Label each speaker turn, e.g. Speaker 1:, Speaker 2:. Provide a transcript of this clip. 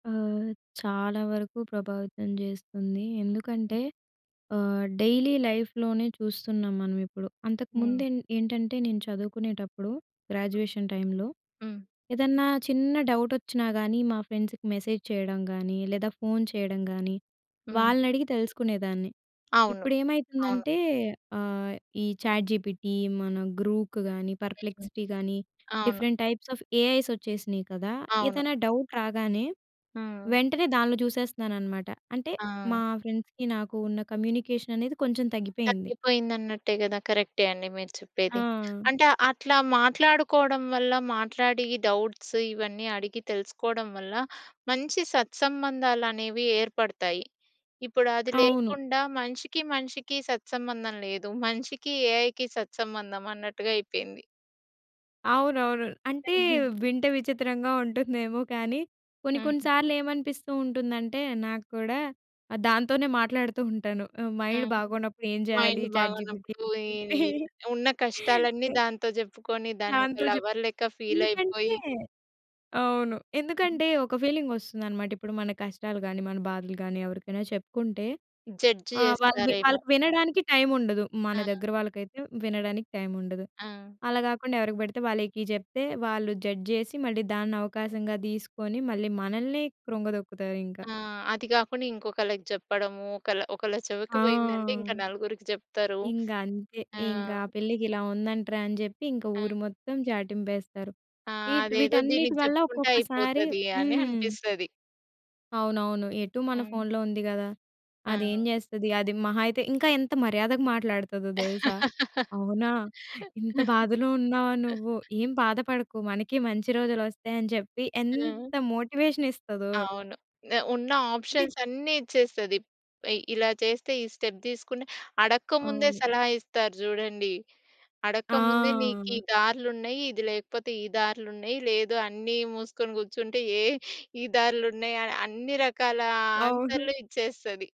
Speaker 1: ఆహ్, చాలా వరకు ప్రభావితం జేస్తుందీ. ఎందుకంటే, ఆహ్, డైలీ లైఫ్‌లోనే చూస్తున్నాం మనమిప్పుడు.
Speaker 2: హ్మ్.
Speaker 1: అంతకుముందేన్ ఏంటంటే, నేను చదువుకునేటప్పుడు, గ్రాడ్యుయేషన్ టైమ్‌లో,
Speaker 2: హ్మ్.
Speaker 1: ఏదన్నా చిన్న డౌటొచ్చినా‌ గానీ, మా ఫ్రెండ్స్‌కి మెసేజ్ చేయడం గానీ, లేదా ఫోను చేయడం గానీ,
Speaker 2: హ్మ్.
Speaker 1: వాళ్ళనడిగి తెలుసుకునేదాన్ని.
Speaker 2: అవును. అవును.
Speaker 1: ఇప్పుడేమైతుందంటే, ఆహ్, ఈ చాట్‌జిపిటి మన గ్రూక్ గానీ, పర్‌ప్లెక్సీటీ గానీ,
Speaker 2: అవును.
Speaker 1: డిఫరెంట్ టైప్స్ ఆఫ్ ఏఐసొచ్చేసినియి కదా!
Speaker 2: అవును.
Speaker 1: ఏదన్నా డౌట్ రాగానే,
Speaker 2: హ్మ్.
Speaker 1: వెంటనే దానిలో జుసేస్తున్నాననమాట. అంటే
Speaker 2: ఆ!
Speaker 1: మా ఫ్రెండ్స్‌కీ నాకు ఉన్న కమ్యూనికేషననేది కొంచెం తగ్గిపోయింది.
Speaker 2: తగ్గిపోయిందన్నట్టే గదా! కరెక్టే అండి మీరు చెప్పేది.
Speaker 1: ఆ!
Speaker 2: అంటే, అట్లా మాట్లాడుకోవడం వల్ల, మాట్లాడి డౌట్స్ ఇవన్నీ అడిగి తెలుసుకోడం వల్ల, మంచి సత్సంబంధాలనేవి ఏర్పడతాయి. ఇప్పుడు అది
Speaker 1: అవును.
Speaker 2: లేకుండా, మనిషికి మనిషికి సత్సంబంధం లేదు, మనిషికి ఏఐకి సత్సంబంధం అన్నట్టుగా అయిపోయింది.
Speaker 1: అవునవును. అంటే, వింటే విచిత్రంగా ఉంటుందేమో కానీ, కొన్ని కొన్ని
Speaker 2: హ్మ్.
Speaker 1: సార్లేమనిపిస్తూ ఉంటుందంటే, నాక్కూడా, ఆహ్, దాంతోనే మాట్లాడుతూ ఉంటాను. ఆహ్, మైండ్
Speaker 2: హ్మ్.
Speaker 1: బాగోనప్పుడు ఏం జేయాలి,
Speaker 2: మైండు
Speaker 1: చాట్‌జి‌పిటికి చెప్పి
Speaker 2: బాగోనప్పుడు, ఈవి ఈ ఉన్న కష్టాలన్నీ
Speaker 1: యాహ్!
Speaker 2: దాంతో జెప్పుకొని, దాన్నొక
Speaker 1: దాంతో జెప్
Speaker 2: లవర్‌లెక్క
Speaker 1: ఎందుకంటే
Speaker 2: ఫీలయిపోయి
Speaker 1: అవును. ఎందుకంటే, ఒక ఫీలింగొస్తుందనమాట, ఇప్పుడు మన కష్టాలు గాని, మన బాధలు గాని, ఎవరికైనా చెప్పుకుంటే,
Speaker 2: జడ్జ్
Speaker 1: ఆహ్, వాళ్ళు వి
Speaker 2: జేస్తారేమో!
Speaker 1: వాళ్ళకి వినడానికి టైముండదు. మన
Speaker 2: ఆ!
Speaker 1: దెగ్గర వాళ్ళకైతే, వినడానికి టైముండదు.
Speaker 2: ఆ!
Speaker 1: అలా గాకుండా, ఎవరికి బడితే వాళ్ళకి జెప్తే, వాళ్ళు జడ్జ్ జేసి, మళ్ళీ దాన్నవకాశంగా దీసుకొని, మళ్ళీ మనల్నే కృంగదొక్కుతారింకా.
Speaker 2: ఆ! అది గాకుండా ఇంకొకళ్ళకి జెప్పడమూ, ఒకళ్ళ ఒకళ్ళ చెవికి
Speaker 1: ఆ!
Speaker 2: పోయిందంటే, ఇంకా నలుగురికి చెప్తారు.
Speaker 1: ఇంగంతే,
Speaker 2: ఆ!
Speaker 1: ఇంకా పిల్లకిలా ఉందంట్రా అని జెప్పి, ఇంక
Speaker 2: ఆ!
Speaker 1: ఊరు మొత్తం చాటింపేస్తారు.
Speaker 2: ఆ!
Speaker 1: ఈట్
Speaker 2: అదేదో
Speaker 1: వీటన్నిటి
Speaker 2: దీనికి
Speaker 1: వల్ల
Speaker 2: జెప్పుకుంటే
Speaker 1: ఒక్కొక్కసారి
Speaker 2: అయిపోతది, అనే
Speaker 1: హ్మ్.
Speaker 2: అనిపిస్తది.
Speaker 1: అవునవును. ఎటూ మన
Speaker 2: హ్మ్.
Speaker 1: ఫోనులో ఉంది గదా! అదేం
Speaker 2: ఆ!
Speaker 1: జేస్తది? అది మహా అయితే ఇంకా ఎంత మర్యాదగా మాట్లాడతదో దెలుసా? అవునా! ఇంత బాధలో ఉన్నావా నువ్వు? ఏం బాధపడకు, మనకీ మంచి రోజులొస్తాయని జెప్పి,
Speaker 2: ఆ!
Speaker 1: ఎంత మోటివేషనిస్తదో!
Speaker 2: అవును. నే ఉన్న
Speaker 1: అంటే
Speaker 2: ఆప్షన్సన్నీ ఇచ్చేస్తది. పై ఇలా చేస్తే, ఈ స్టెప్ దీసుకుని, అడక్క‌ముందే
Speaker 1: అవును.
Speaker 2: సలహా ఇస్తారు జూడండి. అడక్క‌ముందే నీకీ
Speaker 1: ఆ!
Speaker 2: దార్లున్నయి, ఇది లేకపోతే ఈ దార్లున్నయి, లేదు అన్నీ మూసుకొని కూర్చుంటే, ఏ ఈ దార్లున్నయని, అన్ని‌రకాల
Speaker 1: అవును.
Speaker 2: ఆన్సర్లు ఇచ్చేస్తది.